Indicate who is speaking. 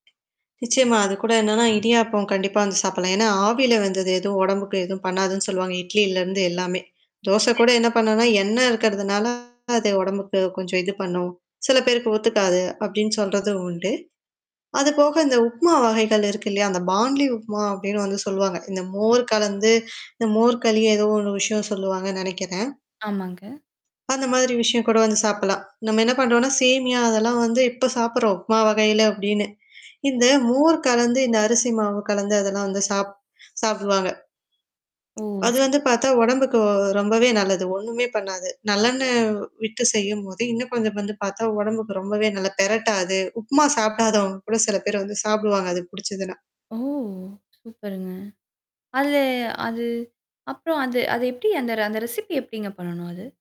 Speaker 1: நிச்சயமா. அது கூட என்னன்னா இடியாப்பம் கண்டிப்பா வந்து சாப்பிடலாம். ஏன்னா ஆவியில வெந்தது எதுவும் உடம்புக்கு எதுவும் பண்ணாதுன்னு சொல்லுவாங்க. இட்லிலருந்து எல்லாமே. தோசை கூட
Speaker 2: [unintelligible]
Speaker 1: என்ன பண்ணுனா, எண்ணெய் இருக்கிறதுனால அது உடம்புக்கு கொஞ்சம் இது பண்ணும். சில பேருக்கு ஒத்துக்காது அப்படின்னு சொல்றதும் உண்டு. அதுபோக இந்த உப்மா வகைகள் இருக்கு இல்லையா? அந்த பான்லி உப்மா அப்படின்னு வந்து சொல்லுவாங்க. இந்த மோர் கலந்து இந்த மோர் களியோ ஏதோ ஒண்ணு விஷயம் சொல்லுவாங்கன்னு நெனைக்கிறேன்.
Speaker 2: ஆமாங்க.
Speaker 1: அந்த மாதிரி விஷயம் கூட வந்து சாப்பிடலாம். நம்ம என்ன பண்ணறோம்ன்னா, சேமியா அதெல்லாம் வந்து இப்ப சாப்படுறோம். உமா வகையில அப்படின்னு. இந்த மோர் கலந்து, இந்த அரிசி மாவு கலந்து அதெல்லாம் வந்து சாப்ப சாப்படுவாங்க.
Speaker 2: ஓ!
Speaker 1: அது வந்து
Speaker 2: சரி.
Speaker 1: பார்த்தா உடம்புக்கு ரொம்பவே நல்லது. ஒண்ணுமே பண்ணாது. நல்லென்ன விட்டு செய்யும்போது, இன்னும் குழந்தை வந்து பார்த்தா உடம்புக்கு ரொம்பவே நல்ல பிரட்டாது உப்புமா சாப்பிடாதவங்க கூட சில பேர் வந்து சாப்பிடுவாங்க அது புடிச்சதுனா.
Speaker 2: ஓ! சூப்பருங்க. அதுல அது அப்புறம் அது அத எப்படி அந்த அந்த ரெசிபி எப்படிங்க பண்ணணும்? அது?